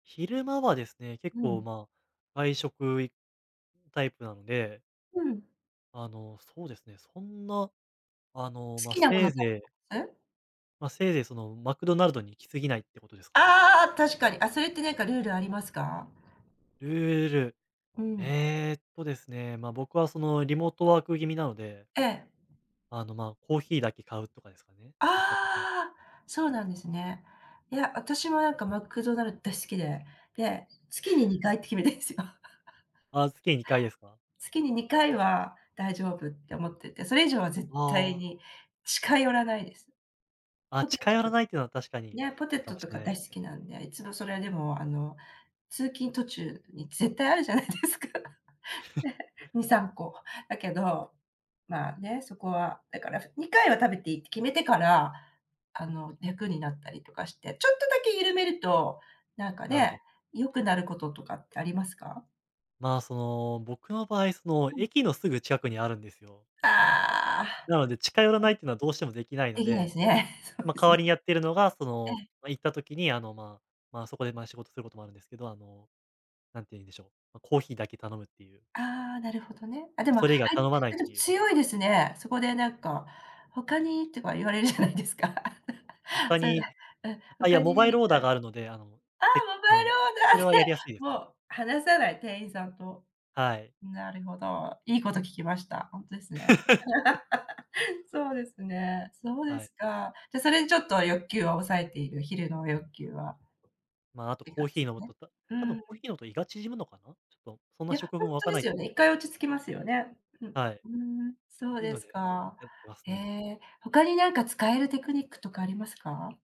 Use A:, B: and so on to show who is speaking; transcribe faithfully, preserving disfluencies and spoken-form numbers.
A: 昼間はですね、結
B: う
A: 構、
B: ん。
A: ま、外食いタイプなので。
B: うん。
A: あのそうですね、そんな、あの、
B: 好
A: ま、
B: きなも
A: せ
B: の
A: い
B: た
A: ぜい
B: す？
A: ま、せいぜいその、マクドナルドに行きすぎないってことですかね。
B: ああ、確かに。あ、それってなんかルールありますか？
A: ルール、
B: うん。
A: えっとですね、ま、僕はそのリモートワーク気味なので
B: ええ。
A: あのま、コーヒーだけ買うとかですかね。
B: ああ、そうなんですね。いや、私もなんかマクドナルド大好きで、で、月ににかいって決めてんすよ。
A: ああ、月にかいですか？
B: 月ににかいは大丈夫って思ってて、それ以上は絶
A: あ
B: 対
A: あ。
B: に近寄らないです。
A: あ、
B: ポテ
A: 近
B: ト
A: 寄ら
B: と。
A: ないっていうのは、確かに
B: いや、ポテ
A: いいか
B: ト
A: も
B: と
A: しれ
B: か
A: ない
B: 大
A: す
B: 好
A: ね。
B: きなんで、いつもそれはでも、あの通勤途中に絶対あるじゃないですか。に、さんこ。だけど、まあね、そこは、だから、にかいは食べていいって決めてから、あの、楽になったりとかして、ちょっとだけ緩めると、なんか
A: なるほど。
B: ね、良くなることとかってありますか？
A: まあ、その、僕の場合、その
B: うん。
A: 駅のすぐ近くにあるんですよ。
B: ああ。
A: なので、近寄らな いっていうのはどうしてもできないの
B: できない
A: で。
B: すね。そう
A: ま、
B: で
A: 代
B: す
A: わ
B: ね。
A: りにやっているのが、そ
B: え
A: の、
B: え。
A: ま、行った時にあのまあ、まあ、そこでまあ、仕事することもあるんですけど、あのなんていうんでしょう、あコーヒーだけ頼むっていう。
B: ああ、なるほどね。あ、でも、あ
A: それ以外頼まないっ
B: やでも
A: ていう。
B: 強いですね。そこでなんか、「他に」とか言われるじゃないですか。
A: 他
B: そう
A: に、
B: だ。うん。
A: あ、いや、
B: 他
A: モ
B: に
A: バイ
B: 何
A: ル
B: か？
A: オーダーがあるので、あの、
B: ああ、
A: て
B: モ
A: あ
B: バイル
A: の、
B: オー
A: それ
B: ダー
A: は
B: で、
A: やりやすいですね。
B: もう話さない、店員さんと。
A: はい。
B: なるほど、いいこと聞きました。ほんとですね。そうですね。そうで
A: はい。
B: すか。じゃ、それでちょっと欲求を抑えている、昼の欲求は。
A: まあ、あ
B: っ
A: と
B: て
A: コー
B: 感じ
A: ヒ
B: す
A: ー
B: か
A: 飲む
B: ね？
A: と、た
B: う
A: 多分
B: ん。
A: コーヒー飲むと胃が縮むのかな？ちょっとそんな
B: や、
A: 食
B: ほ
A: 分
B: ん
A: わ
B: と
A: か
B: で
A: な
B: す
A: い。
B: よね。いっかい落ち着きますよね。うん。
A: はい。っ
B: ふーん、そう
A: ていう
B: で
A: の
B: す
A: で、
B: か。
A: やってます
B: へ
A: ね。
B: え。他になんか使えるテクニックとかありますか？